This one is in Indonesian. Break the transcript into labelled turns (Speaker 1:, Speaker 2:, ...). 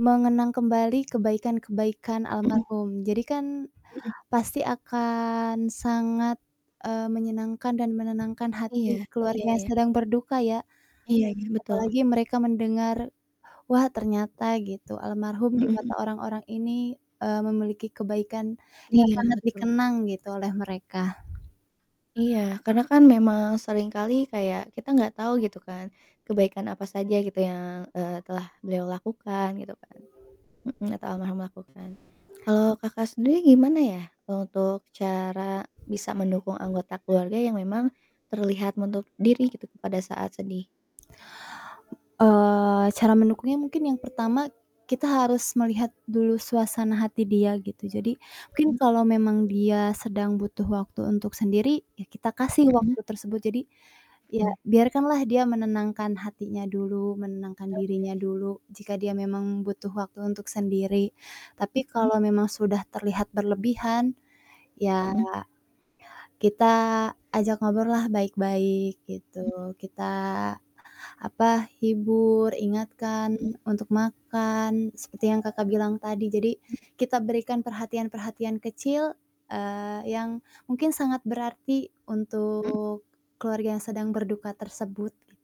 Speaker 1: Mengenang kembali kebaikan-kebaikan
Speaker 2: Mhm.
Speaker 1: almarhum. Jadikan
Speaker 2: Mhm.
Speaker 1: pasti akan sangat, eee, menyenangkan dan menenangkan
Speaker 2: Iya
Speaker 1: hati
Speaker 2: iya
Speaker 1: keluarga yang
Speaker 2: iya.
Speaker 1: sedang berduka ya
Speaker 2: Iya ya, betul.
Speaker 1: apalagi mereka mendengar, "Wah ternyata." Gitu, "Almarhum di
Speaker 2: Mhm mhm.
Speaker 1: mata orang-orang ini, eee, memiliki kebaikan yang
Speaker 2: Iya
Speaker 1: sangat
Speaker 2: betul.
Speaker 1: dikenang gitu oleh mereka."
Speaker 2: Iya, karena kan memang sering kali kayak kita nggak tahu gitu kan kebaikan apa saja gitu yang, eee, telah beliau lakukan gitu kan, mhm, atau almarhum lakukan. Kalau Kakak sendiri gimana ya untuk cara bisa mendukung anggota keluarga yang memang terlihat menutup diri gitu pada saat sedih?
Speaker 1: Eee, cara mendukungnya mungkin yang pertama kita harus melihat dulu suasana hati dia gitu. Jadi mungkin
Speaker 2: Hmm.
Speaker 1: kalau memang dia sedang butuh waktu untuk sendiri, ya kita kasih
Speaker 2: Mhm.
Speaker 1: waktu tersebut. Jadi ya
Speaker 2: Hmm.
Speaker 1: biarkanlah dia menenangkan hatinya dulu, menenangkan dirinya
Speaker 2: Oke.
Speaker 1: dulu, jika dia memang butuh waktu untuk sendiri, tapi
Speaker 2: Hmm.
Speaker 1: kalau memang sudah terlihat berlebihan, ya
Speaker 2: Mhm.
Speaker 1: kita ajak ngobrollah baik-baik
Speaker 2: Hmm.
Speaker 1: gitu, kita, apa, hibur, ingatkan
Speaker 2: Hmm.
Speaker 1: untuk makan seperti yang Kakak bilang tadi jadi
Speaker 2: Hmm.
Speaker 1: kita berikan perhatian-perhatian kecil, eee, yang mungkin sangat berarti
Speaker 2: Mmm.
Speaker 1: untuk keluarga yang sedang berduka tersebut gitu.